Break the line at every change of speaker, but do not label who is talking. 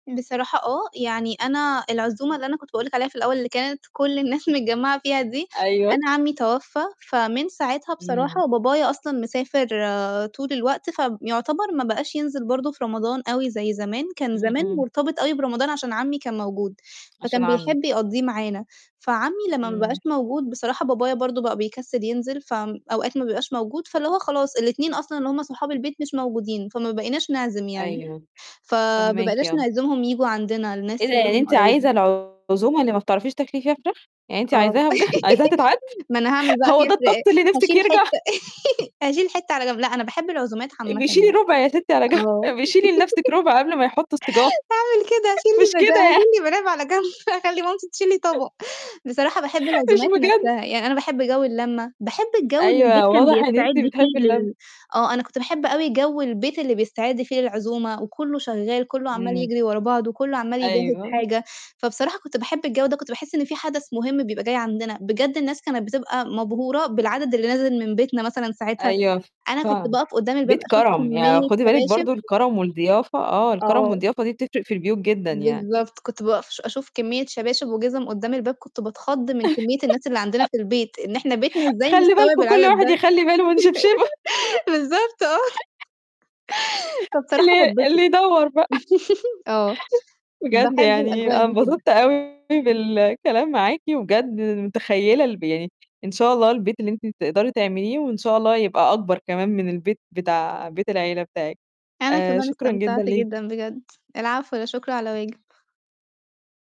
بصراحة آه، يعني أنا العزومة اللي أنا كنت باقول لِك عليها في الأول اللي كانت كل الناس متجمعة فيها دي،
أيوه.
أنا عمي توفى فمن ساعتها
إمم.
بصراحة بابايا أصلًا مسافر آآ طول الوقت، فيعتبر ما بقاش ينزل برضه في رمضان أوي زي زمان، كان
إمم،
زمن
إمم.
مرتبط أوي برمضان عشان عمي كان موجود،
عشان
فكان بيحب
عمِك.
يقضّيه معانا، فعمي لمّا ما بقاش
إمم.
موجود بصراحة بابايا برضه بقى بيكسّل ينزل فأوقات ما بيبقاش موجود، فاللي هو خلاص الإتنين أصلًا اللي هُم صحاب البيت مش موجودين فما بقيناش نعزم يعني،
أيوه،
فما
فاهماكِ
بقيناش
آه.
نعزمهم ييجوا عندنا
إيه
الناس
ده
اللي
يعني
هُم
أنتِ
قرايبنا.
عايزة العزومة اللي ما بتعرفيش تاكلي فيها فراخ؟ يعني أنتِ
آه
عايزاها بجد؟ عايزاها تتعاد؟
ما أنا هاعمل بقى في
هو ده
ف
الطقس اللي نفسِك
هاشيل
يرجع؟
حتة هاشيل حتة على جنب، لأ أنا باحب العزومات عامةً
أبقي
يعني.
شيلي 1/4 يا ستي على جنب،
آه.
أبقي شيلي لنفْسِك 1/4 قبل ما يحطوا [unintelligible]
هاعمل كده هاشيل
مش
لي بد
كده
هاشيل
يعني.
لي مناب على جنب هاخلّي مامتي تشيل لي طبق، بصراحة باحب
مش
العزومات
بجد.
نفْسها يعني أنا باحب جو اللمة باحب الجو اللي البيت
أيوه
كان
واضح إن
بيستعد
أنتِ بتحبي
فيه
اللمة.
لل آه، أنا كنت باحب أوي جو البيت اللي بيستعد فيه للعزومة وكلّه شغال كلّه عمّال
إمم.
يجري ورا بعضه كلّه عمال يجهِّز
أيوه.
حاجة، فبصراحة كنت باحب الجو ده كنت باحس إن في حدث مهم بيبقى جاي عندنا، بجد الناس كانت بتبقى مبهورة بالعدد اللي نازل من بيتنا مثلًا ساعتها
أيوه ف
أنا كنت
فعلًا.
باقف قدّام الباب
بيت
أشوف
كرم يعني
كمية
خدي بالِك
شباشب.
برضه الكرم والضيافة آه، الكرم
آه.
والضيافة دي بتفرق في البيوت جدًا يعني.
بالضبط كنت باقف ش أشوف كمية شباشب وجِزم قدّام الباب كنت باتخض من كمية الناس اللي عندنا في البيت، إن إحنا بيتنا إزاي
خلي
مستوعب
بالكم كل
العدد
واحد
ده،
يخلي باله من شبشبه.
بالضبط آه. فبصراحة
اللي
باتبسط،
اللي يدوّر بقى.
آه.
بجد
باحب
يعني
الأجواء
أنا
دي جدًا.
أتبسطت أوي بالكلام معاكِ، وبجد متخيّلة الب يعني إن شاء الله البيت اللي أنتِ تقدري تعمليه وإن شاء الله يبقى أكبر كمان من البيت بتاع بيت العيلة بتاعِك،
أنا
آآ
كمان
شكرًا
استمتعت
جدًا ليكِ.
جدًا بجد، العفو لا شكر على واجب.